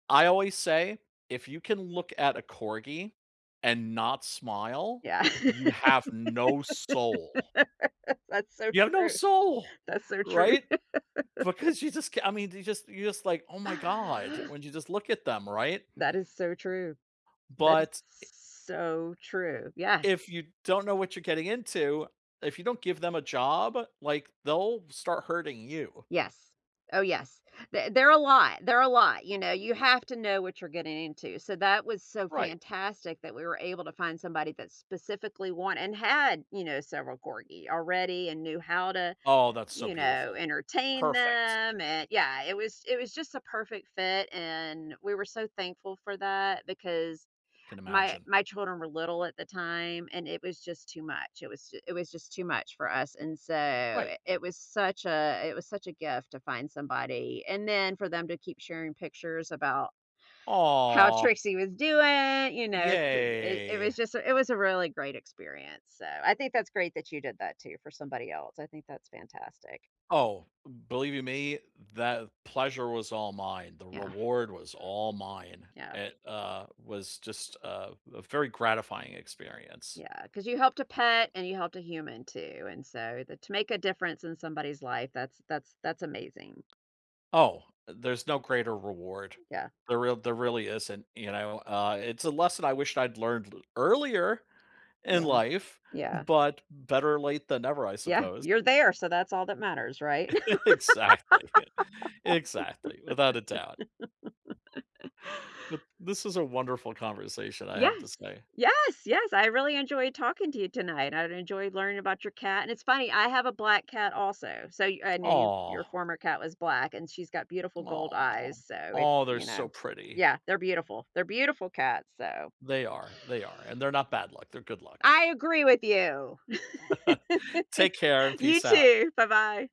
I always say, if you can look at a corgi and not smile, Yeah. you have no soul. That's so You have no true. soul, That's so true. right? Because you just c I mean, you just you're just like, "Oh my god", when you just look at them, right? That is so true. That is But so true, yes. If you don't know what you're getting into, if you don't give them a job, like, they'll start hurting you. Yes, oh yes. Th there are a lot, there are a lot, you know, you have to know what you're getting into. So that was so Right. fantastic that we were able to find somebody that specifically want and had, you know, several corgi already and knew how to, Oh, that's so you know, beautiful. entertain Perfect. them, and yeah, it was, it was just a perfect fit and we were so thankful for that because Can my imagine. my children were little at the time and it was just too much. It was ju it was just too much for us and so Right. it was such a it was such a gift to find somebody and then for them to keep sharing pictures about how Aw. Trixie was doing, you know, s it Yay. was just a it was a really great experience. So, I think that's great that you did that too for somebody else. I think that's fantastic. Oh, believe you me, that pleasure was all mine. The Yeah. reward was all mine. Yeah. It, uh, was just a a very gratifying experience. Yeah, 'cause you helped a pet and you helped a human too, and so th to make a difference in somebody's life, that's that's that's amazing. Oh, there's no greater reward. Yeah. There real there really isn't, you know, uh, it's a lesson I wished I'd learned earlier in Yeah, life, yeah. but better late than never, I Yeah, suppose. you're there, so that's all that matters, right? Exactly, exactly, without a doubt. But, this is a wonderful conversation, I have to Yes, say. yes, yes, I really enjoyed talking to you tonight. I've enjoyed learning about your cat and it's funny, I have a black cat also, so y I know you, your Aw. former cat was black and she's got beautiful gold Aw. eyes, so it, Aw, they're you know, so pretty. yeah, they're beautiful. They're beautiful cats, so They are, they are, and they're not bad luck, they're good luck. I agree with you. Take care and You peace out. too. Bye-bye.